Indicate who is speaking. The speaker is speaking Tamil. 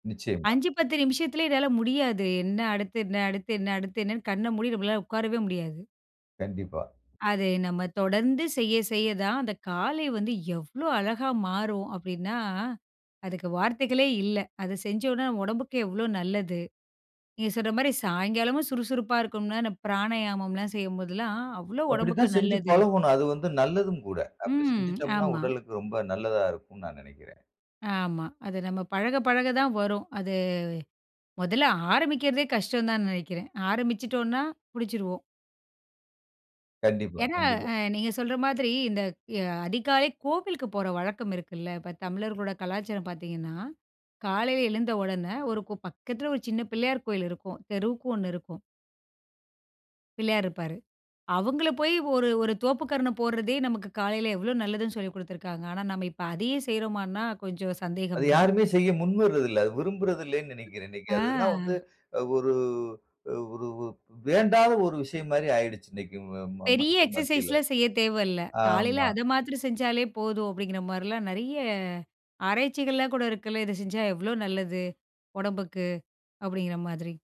Speaker 1: நிச்சயமா.
Speaker 2: 5, 10 நிமிஷத்துல இதெல்லாம் முடியாது. என்ன அடுத்து என்ன அடுத்து என்ன அடுத்து என்னன்னு கண்ணை மூடி நம்மளால உட்காரவே முடியாது.
Speaker 1: கண்டிப்பா.
Speaker 2: அது நம்ம தொடர்ந்து செய்ய செய்ய தான் அந்த காலை வந்து எவ்ளோ அழகா மாறும் அப்டின்னா, அதுக்கு வார்த்தைகளே இல்ல. அதை செஞ்சோன்ன நம்ம உடம்புக்கு எவ்வளோ நல்லது. நீங்க சொல்ற மாதிரி சாயங்காலமும் சுறுசுறுப்பா இருக்கும்னா, அந்த "பிராணாயாமம்லாம்" செய்யும்போதெல்லாம் அவ்ளோ
Speaker 1: அப்படி
Speaker 2: உடம்புக்கு
Speaker 1: தான் செஞ்சு
Speaker 2: நல்லது.
Speaker 1: பழகணும். அது வந்து நல்லதும் கூட. அப்படி
Speaker 2: ம்,
Speaker 1: செஞ்சுட்டோம்னா
Speaker 2: ஆமா.
Speaker 1: உடலுக்கு ரொம்ப நல்லதா இருக்கும்னு நான் நினைக்கிறேன்.
Speaker 2: ஆமா. அது நம்ம பழக, பழக தான் வரும். அது முதல்ல ஆரம்பிக்கிறதே கஷ்டம் தான் நினைக்கிறேன். ஆரம்பிச்சுட்டோம்னா முடிச்சிடுவோம்.
Speaker 1: கண்டிப்பா
Speaker 2: ஏன்னா
Speaker 1: கண்டிப்பா.
Speaker 2: அ நீங்க சொல்ற மாதிரி, இந்த அதிகாலை கோவிலுக்கு போற வழக்கம் இருக்குல்ல, இப்போ தமிழர்களோட கலாச்சாரம் பார்த்தீங்கன்னா, காலையில எழுந்த உடனே, ஒரு பக்கத்தில ஒரு சின்ன பிள்ளையார் கோயில் இருக்கும். தெருவுக்கு ஒண்ணு இருக்கும். பிள்ளையார் இருப்பாரு. அவங்களைப் போய் ஒரு ஒரு தோப்புக்கரணம் போடுறதே, நமக்கு காலையில எவ்வளவு நல்லதுன்னு சொல்லிக்குடுத்திருக்கிறாங்க. ஆனா, நம்ம இப்ப அதையும் செய்றோமானா கொஞ்சம்
Speaker 1: அது
Speaker 2: சந்தேகம் தான்.
Speaker 1: யாருமே செய்ய முன்வர்றது இல்ல, அத விரும்புறது இல்லன்னு நினைக்கிறேன். இன்னைக்கு அதெல்லாம் வந்து
Speaker 2: அ.
Speaker 1: ஒரு ஒரு ஒரு வேண்டாத ஒரு விஷயம் மாரி ஆயிடுச்சு இன்னைக்கு
Speaker 2: பெரிய
Speaker 1: மக்கள் மத்தியில.
Speaker 2: எக்ஸர்சைஸ்லாம் செய்யத் தேவையில்ல, காலையில
Speaker 1: ஆமா.
Speaker 2: அதை மாத்றம் செஞ்சாலே போதும், அப்படிங்கிற மாரிலாம் நிறைய ஆராய்ச்சிகள்லாம் கூட இருக்குல்ல, இதை செஞ்சா எவ்வளோ நல்லது உடம்புக்கு அப்படிங்கிற மாதிரி.